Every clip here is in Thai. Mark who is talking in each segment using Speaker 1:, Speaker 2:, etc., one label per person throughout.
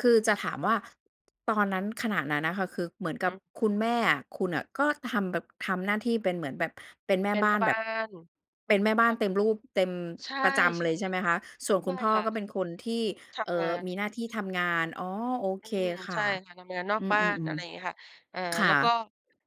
Speaker 1: คือจะถามว่าตอนนั้น ขณะนั้นนะคะ คือเหมือนกั
Speaker 2: หื
Speaker 1: บ
Speaker 2: อ
Speaker 1: คุณแม่อะ คุณน่ะ ก็ทำแบบ ทำหน้าที่เป็นเหมือนแบบเป็นแม่
Speaker 2: เป็น
Speaker 1: บ้
Speaker 2: แม
Speaker 1: า
Speaker 2: ่
Speaker 1: น
Speaker 2: บ
Speaker 1: แบ
Speaker 2: ้า
Speaker 1: บ
Speaker 2: น
Speaker 1: เป็นแม่บ้า
Speaker 2: แบ
Speaker 1: น
Speaker 2: บ
Speaker 1: เต็มรูป เต็ม
Speaker 2: ใช่
Speaker 1: ประจ
Speaker 2: ๆ ใ
Speaker 1: ำ
Speaker 2: ช
Speaker 1: เลยใช่ไหมคะ? ส่วนคุ
Speaker 2: ่
Speaker 1: ณพ่อ
Speaker 2: ค่ะ
Speaker 1: ก็เป็นคนที่
Speaker 2: ท
Speaker 1: เอ่
Speaker 2: ำง
Speaker 1: อ
Speaker 2: า
Speaker 1: มีหน
Speaker 2: น
Speaker 1: ้าที่ทำงาน อ๋อ โอ
Speaker 2: อ
Speaker 1: เ
Speaker 2: ื
Speaker 1: ค
Speaker 2: ม
Speaker 1: ค
Speaker 2: ใ
Speaker 1: ่
Speaker 2: ช
Speaker 1: ะ
Speaker 2: ่ค่ะ ทำงานนอ
Speaker 1: อ
Speaker 2: ก
Speaker 1: ื
Speaker 2: บ้าน อ
Speaker 1: อ
Speaker 2: ะไรอย่างเงี้
Speaker 1: ๆ
Speaker 2: ยค่ะ เอ่อ
Speaker 1: ๆ ค่
Speaker 2: แล้วก็
Speaker 1: ะ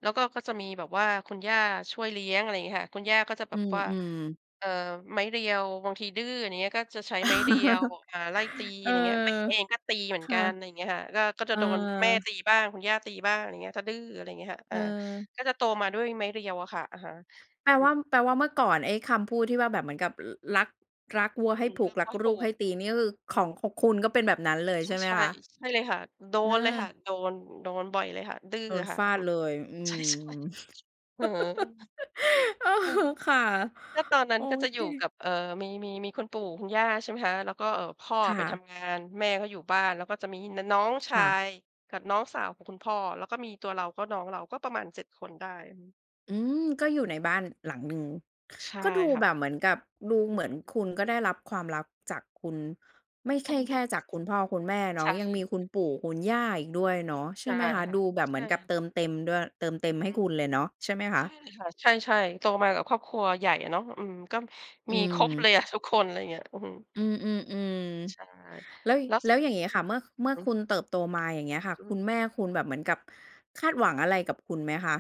Speaker 2: แล้วก็ ก็จะมีแบบว่าคุณย่าช่วยเลี้ยง อะไรอย่างเงี้ยค่ะ คุณย่าก็จะแ
Speaker 1: อ
Speaker 2: บ
Speaker 1: ื
Speaker 2: บว่า
Speaker 1: อ ๆ
Speaker 2: เอ่อ ไม้เรียว บางทีดื้อ อย่างเงี้ย ก็จะใช้ไม้เรียว อ่า ไล่ตี
Speaker 1: เ
Speaker 2: อ
Speaker 1: อ
Speaker 2: ะไ
Speaker 1: อ
Speaker 2: รอย่างเงี้ย แม่เองก็ตีเหมือน
Speaker 1: ค
Speaker 2: ก
Speaker 1: ่
Speaker 2: ั
Speaker 1: ะ
Speaker 2: น อะไรอย่างเงี้ยค่ะ ก็ ก็
Speaker 1: เ
Speaker 2: จ
Speaker 1: อ
Speaker 2: ะ
Speaker 1: อ
Speaker 2: โดนแม่ตีบ้าง คุณย่าตีบ้าง อย่างเงี้ย ถ้าดื้อ อะไรอย่างเงี้ยค่ะ อา
Speaker 1: เออ
Speaker 2: ก็จะโตมาด้วยไม้เรียวอะค่ะ อะฮะ
Speaker 1: แปล
Speaker 2: อื
Speaker 1: ว
Speaker 2: อ
Speaker 1: ่า แปลว่าเมื่อก่อนไอ้คำพูดที่ว่าแบบเหมือนกับ อ รัก รักวัว
Speaker 2: อืม
Speaker 1: ให้ผูกรักลูกให้ตีนี่คือ
Speaker 2: อ
Speaker 1: ข
Speaker 2: ือ
Speaker 1: อง ของคุณก็เป็นแบบนั้นเลย
Speaker 2: ใช
Speaker 1: ใช่ไหม
Speaker 2: ่
Speaker 1: คะ?
Speaker 2: ๆ ใช่เลยค่ะ โด
Speaker 1: เ
Speaker 2: นเลยค
Speaker 1: อ
Speaker 2: ่
Speaker 1: อ
Speaker 2: ะ โดน โดนบ่อยเลยค่ะ ดื้อ
Speaker 1: โด
Speaker 2: อ
Speaker 1: น
Speaker 2: ะค่
Speaker 1: ฟ
Speaker 2: ะ อ
Speaker 1: า
Speaker 2: ื
Speaker 1: ด
Speaker 2: ม
Speaker 1: เลย อื
Speaker 2: ใช
Speaker 1: ม
Speaker 2: ่ ๆ หือ
Speaker 1: เออ ค่ะ
Speaker 2: ก็ตอนนั้
Speaker 1: โอ
Speaker 2: นก็จะอ
Speaker 1: เ
Speaker 2: ยู่
Speaker 1: ค
Speaker 2: กับ เอ่อ มี มี มีคุณปู่คุณย่า ใช่ไหมคะ แล้วก็ เอ่อ พ่อ
Speaker 1: ค
Speaker 2: อ
Speaker 1: ่
Speaker 2: ะไปท
Speaker 1: ะ
Speaker 2: ำงาน แม่ก็อยู่บ้าน แล้วก็จะมี น น้องช
Speaker 1: ค
Speaker 2: า
Speaker 1: ่ะ
Speaker 2: ยกับน้องสาวกับคุณพ่อ แล้วก็มีตัวเรา ก็น้องเรา ก็ประมาณ 7 คนได้ อือ
Speaker 1: อืม ก็อยู่ในบ้านหลังหนึ่ง
Speaker 2: ใช่
Speaker 1: ก็ดู
Speaker 2: ค่
Speaker 1: แ
Speaker 2: ะ
Speaker 1: บบเหมือนกับ ดู
Speaker 2: อ
Speaker 1: เ
Speaker 2: ื
Speaker 1: หม
Speaker 2: อ
Speaker 1: ือ
Speaker 2: ฮ
Speaker 1: น
Speaker 2: ึ
Speaker 1: คุณก็ได้รับความรักจากคุณ ไม่ใช
Speaker 2: อื
Speaker 1: ่
Speaker 2: อ
Speaker 1: แค
Speaker 2: ฮึ
Speaker 1: ่จากคุณพ่อคุณแม่เนา
Speaker 2: ใช
Speaker 1: ะ
Speaker 2: ่
Speaker 1: ยั
Speaker 2: เ
Speaker 1: ง
Speaker 2: ล
Speaker 1: มี
Speaker 2: ย
Speaker 1: คุณปู่คุณย่าอีกด้วยเนาะใช
Speaker 2: ใ
Speaker 1: ่
Speaker 2: ช่
Speaker 1: ไหมคะ?
Speaker 2: ค่
Speaker 1: ด
Speaker 2: ะ
Speaker 1: ูแบบ
Speaker 2: ใช
Speaker 1: เหมือนกับ
Speaker 2: ่
Speaker 1: เติมเต็มด้วย เติมเต็
Speaker 2: อื
Speaker 1: ม
Speaker 2: อ
Speaker 1: ให
Speaker 2: ฮ
Speaker 1: ้
Speaker 2: ึ
Speaker 1: คุณเลยเนาะใช่ไหมค
Speaker 2: ใช
Speaker 1: ะ?
Speaker 2: ่ค่ะ ใช่ ๆ โตมากับครอบครัวใหญ่อะเนาะ อืม ก็
Speaker 1: อื
Speaker 2: มีครบเ
Speaker 1: ม
Speaker 2: ลยอะทุกคน อะไรเงี้ย อื้อฮือ
Speaker 1: อืม
Speaker 2: ใช่
Speaker 1: ๆ ๆ แล้ว
Speaker 2: แล้ว
Speaker 1: แล
Speaker 2: ส
Speaker 1: ้วอย่างงี้
Speaker 2: อื
Speaker 1: ค
Speaker 2: ม
Speaker 1: ่ะ เมื่อ
Speaker 2: อ
Speaker 1: เ
Speaker 2: ื
Speaker 1: ม
Speaker 2: อ
Speaker 1: ื่อ
Speaker 2: ฮึ
Speaker 1: คุณเติบโตมา อย่างเงี้ยค่ะ
Speaker 2: อื
Speaker 1: คุณ
Speaker 2: ม
Speaker 1: แม่คุณแบบเหมือนกับคาดหวังอะไรกับคุณไหมคะ?